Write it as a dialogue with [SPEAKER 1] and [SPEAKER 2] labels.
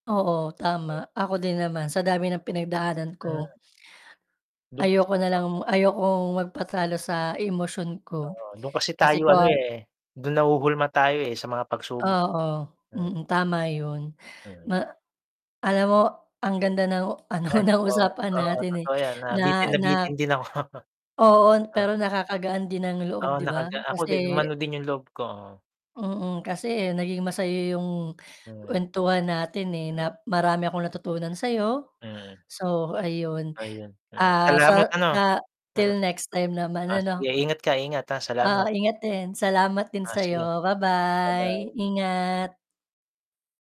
[SPEAKER 1] Oo tama, ako din naman sa dami ng pinagdaanan
[SPEAKER 2] Hmm.
[SPEAKER 1] ko.
[SPEAKER 2] Do'n kasi
[SPEAKER 1] Ayoko
[SPEAKER 2] trauma.
[SPEAKER 1] nalang ayokong magpatalo sa emosyon ko,
[SPEAKER 2] Oo, do'n kasi
[SPEAKER 1] kasi
[SPEAKER 2] tayo ano,
[SPEAKER 1] kawa
[SPEAKER 2] eh, do'n nahuhulma tayo, eh, sa mga pagsubok
[SPEAKER 1] Oo,
[SPEAKER 2] eh, mm.
[SPEAKER 1] mm, tama 'yun.
[SPEAKER 2] Mm.
[SPEAKER 1] Ma alam mo ang
[SPEAKER 2] M
[SPEAKER 1] ganda ng ano
[SPEAKER 2] Ay,
[SPEAKER 1] ng
[SPEAKER 2] oo,
[SPEAKER 1] usapan
[SPEAKER 2] oo
[SPEAKER 1] natin, eh.
[SPEAKER 2] totoo yan
[SPEAKER 1] Na
[SPEAKER 2] nabitin,
[SPEAKER 1] na
[SPEAKER 2] nabitin din ako.
[SPEAKER 1] Oo,
[SPEAKER 2] Oo.
[SPEAKER 1] pero nakakagaan din ng loob
[SPEAKER 2] Oo
[SPEAKER 1] 'di ba?
[SPEAKER 2] nakaga ako
[SPEAKER 1] Kasi
[SPEAKER 2] din umano din yung loob ko.
[SPEAKER 1] Mm, kasi naging masaya yung
[SPEAKER 2] Mm.
[SPEAKER 1] kwentuhan natin, eh,
[SPEAKER 2] Mm.
[SPEAKER 1] na marami akong natutunan sa'yo,
[SPEAKER 2] Mm.
[SPEAKER 1] so ayun.
[SPEAKER 2] Ayun, ah,
[SPEAKER 1] Ah,
[SPEAKER 2] salamat
[SPEAKER 1] sa
[SPEAKER 2] ano.
[SPEAKER 1] sa
[SPEAKER 2] Mm.
[SPEAKER 1] till next time naman
[SPEAKER 2] Ah, sige
[SPEAKER 1] ano?
[SPEAKER 2] ingat ka ingat, ah,
[SPEAKER 1] Ah,
[SPEAKER 2] salamat.
[SPEAKER 1] ingat din salamat din
[SPEAKER 2] Ah, sige.
[SPEAKER 1] sa'yo, ba-bye
[SPEAKER 2] Ba-bye.
[SPEAKER 1] ingat.